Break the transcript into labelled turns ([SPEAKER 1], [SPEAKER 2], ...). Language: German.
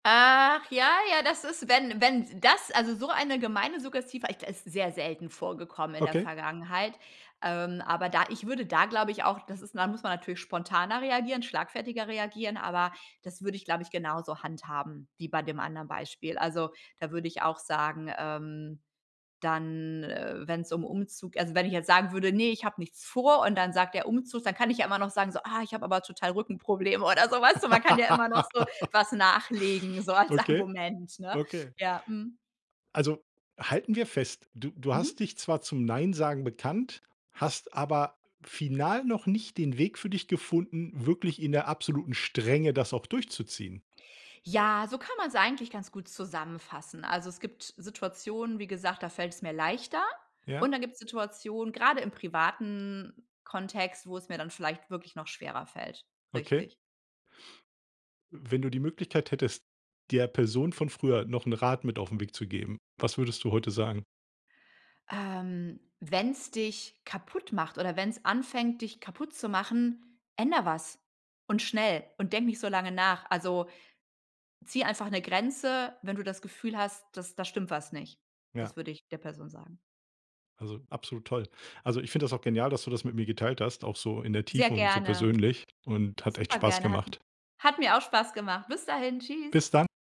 [SPEAKER 1] Ach ja, ja, das ist, wenn wenn’s das, also so eine gemeine Suggestive echt, ist sehr selten vorgekommen in der
[SPEAKER 2] Okay.
[SPEAKER 1] Vergangenheit. Ähm, aber da ich würde da, glaube ich, auch, das ist da muss man natürlich spontaner reagieren, schlagfertiger reagieren, aber das würde ich, glaube ich, genauso handhaben wie bei dem anderen Beispiel. Also, da würde ich auch sagen, ähm, dann, äh, wenn's um Umzug also, wenn ich jetzt sagen würde: „Ne, ich habe nichts vor“, und dann sagt der: „Umzug“, dann kann ich ja immer noch sagen so: „Ah, ich habe aber total Rückenprobleme“, oder so, weißt du? Man kann ja immer noch so was nachlegen, so als
[SPEAKER 2] Okay,
[SPEAKER 1] Argument, ne?
[SPEAKER 2] okay.
[SPEAKER 1] Ja, mhm.
[SPEAKER 2] Also, halten wir fest, du du hast
[SPEAKER 1] Mhm.
[SPEAKER 2] dich zwar zum Nein-Sagen bekannt, hast aber final noch nicht den Weg für dich gefunden, wirklich in der absoluten Strenge das auch durchzuziehen.
[SPEAKER 1] Ja, so kann man's eigentlich ganz gut zusammenfassen. Also, es gibt Situationen, wie gesagt, da fällt es mir leichter. Und
[SPEAKER 2] Ja.
[SPEAKER 1] dann gibt's Situationen, grade im privaten Kontext, wo es mir dann vielleicht wirklich noch schwerer fällt.
[SPEAKER 2] Okay.
[SPEAKER 1] Richtig.
[SPEAKER 2] Wenn du die Möglichkeit hättest, der Person von früher noch 'n Rat mit auf 'n Weg zu geben, was würdest du heute sagen?
[SPEAKER 1] Ähm, wenn's dich kaputtmacht oder wenn's anfängt, dich kaputtzumachen, änder was und schnell und denk nicht so lange nach. Also, zieh einfach 'ne Grenze, wenn du das Gefühl hast, dass da stimmt was nicht.
[SPEAKER 2] Ja.
[SPEAKER 1] Das würde ich der Person sagen.
[SPEAKER 2] Also, absolut toll. Also, ich finde das auch genial, dass du das mit mir geteilt hast, auch so in der
[SPEAKER 1] Sehr
[SPEAKER 2] Tiefe und so
[SPEAKER 1] gerne.
[SPEAKER 2] persönlich und hat echt
[SPEAKER 1] Super
[SPEAKER 2] Spaß
[SPEAKER 1] gerne. Hat m
[SPEAKER 2] gemacht.
[SPEAKER 1] hat mir auch Spaß gemacht. Bis dahin. Tschüs.
[SPEAKER 2] Bis dann.